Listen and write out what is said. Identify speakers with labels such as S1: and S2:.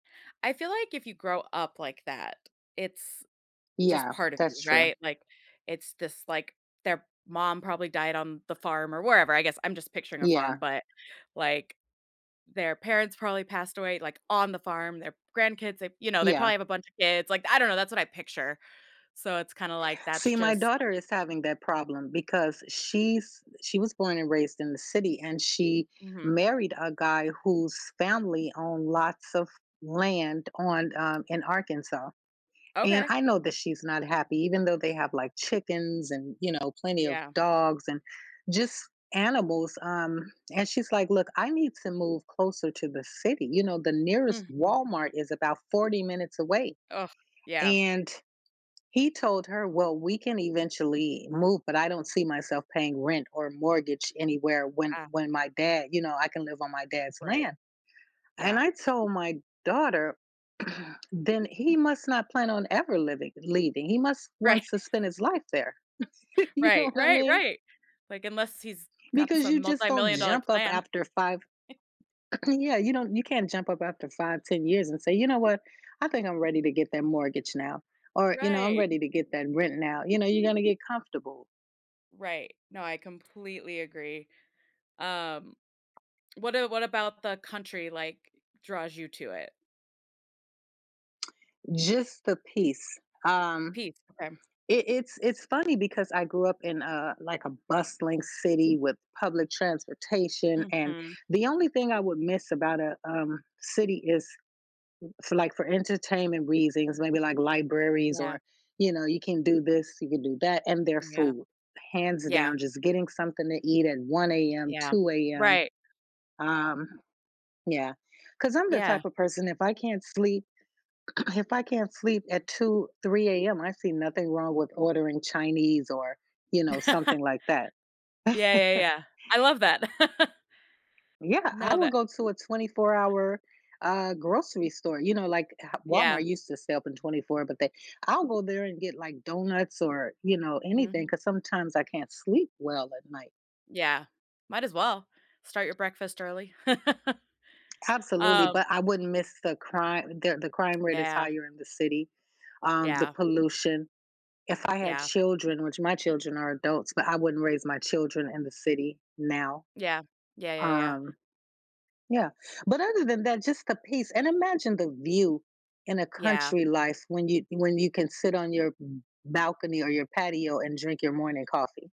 S1: I feel like if you grow up like that, it's just
S2: Yeah,
S1: part of you,
S2: that's true.
S1: right, like, it's just, like, their mom probably died on the farm or wherever, I guess I'm just picturing a farm,
S2: Yeah.
S1: but like, their parents probably passed away, like on the farm, their grandkids, they you know, they
S2: Yeah.
S1: probably have a bunch of kids, like, I don't know, that's what I picture, so it's kinda like that's
S2: See, my
S1: just
S2: daughter is having that problem because she's she was born and raised in the city, and she
S1: Mhm.
S2: married a guy whose family own lots of land on, um, in Arkansas, and
S1: Okay.
S2: I know that she's not happy even though they have, like, chickens, and, you know, plenty of
S1: Yeah.
S2: dogs, and just animals, um, and she's like, "Look, I need to move closer to the city, you know, the nearest
S1: Mhm.
S2: Walmart is about 40 minutes away."
S1: Oh, yeah.
S2: And he told her, "Well, we can eventually move, but I don't see myself paying rent, or mortgage anywhere when
S1: Uh
S2: when my dad you know, I can live on my dad's
S1: Right,
S2: land." And
S1: yeah.
S2: I told my daughter, "Then he must not plan on ever living leaving, he must
S1: Right.
S2: want to spend his life there." You know
S1: Right,
S2: what I
S1: right,
S2: mean?
S1: right, like unless he's got
S2: Because you
S1: some
S2: just don't
S1: multi-million dollar
S2: jump up
S1: plan.
S2: after 5
S1: E
S2: Yeah, you don't you can't jump up after 5, 10 years and say, "You know what, I think I'm ready to get that mortgage now or, you know, I'm
S1: Right.
S2: ready to get that rent now." You know, you're gonna get comfortable.
S1: Right, no, I completely agree. Um, what a what about the country, like, draws you to it?
S2: Just the peace, um,
S1: Peace, okay.
S2: it it's it's funny because I grew up in a, like, a bustling city with public transportation, and
S1: Mhm.
S2: the only thing I would miss about a, um, city is for, like, for entertainment reasons, maybe like libraries
S1: Yeah.
S2: or, you know, you can do this, you can do that, and their
S1: Yeah,
S2: food, hands
S1: yeah.
S2: down, just getting something to eat at 1 AM,
S1: Yeah,
S2: 2 AM,
S1: right.
S2: um, yeah, 'cause I'm the
S1: Yeah.
S2: type of person, if I can't sleep if I can't sleep at 2, 3 AM, I see nothing wrong with ordering Chinese or, you know, something like that.
S1: Yeah, yeah, yeah, I love that.
S2: Yeah, I
S1: No,
S2: will
S1: that
S2: go to a twenty-four-hour, uh, grocery store, you know, like, uh,
S1: Yeah.
S2: Walmart used to stay open 24, but they I'll go there and get, like, donuts or, you know, anything
S1: Mhm.
S2: 'cause sometimes I can't sleep well at night.
S1: Yeah, might as well. Start your breakfast early.
S2: Absolutely,
S1: Um
S2: but I wouldn't miss the crime the the crime rate is
S1: Yeah.
S2: higher in the city, um, the
S1: Yeah.
S2: pollution, if I had
S1: Yeah.
S2: children, which my children are adults, but I wouldn't raise my children in the city now.
S1: Yeah, yeah, yeah, yeah.
S2: Um, yeah, but other than that, just the peace, and imagine the view in a
S1: Yeah.
S2: country life when you when you can sit on your ba balcony or your patio, and drink your morning coffee.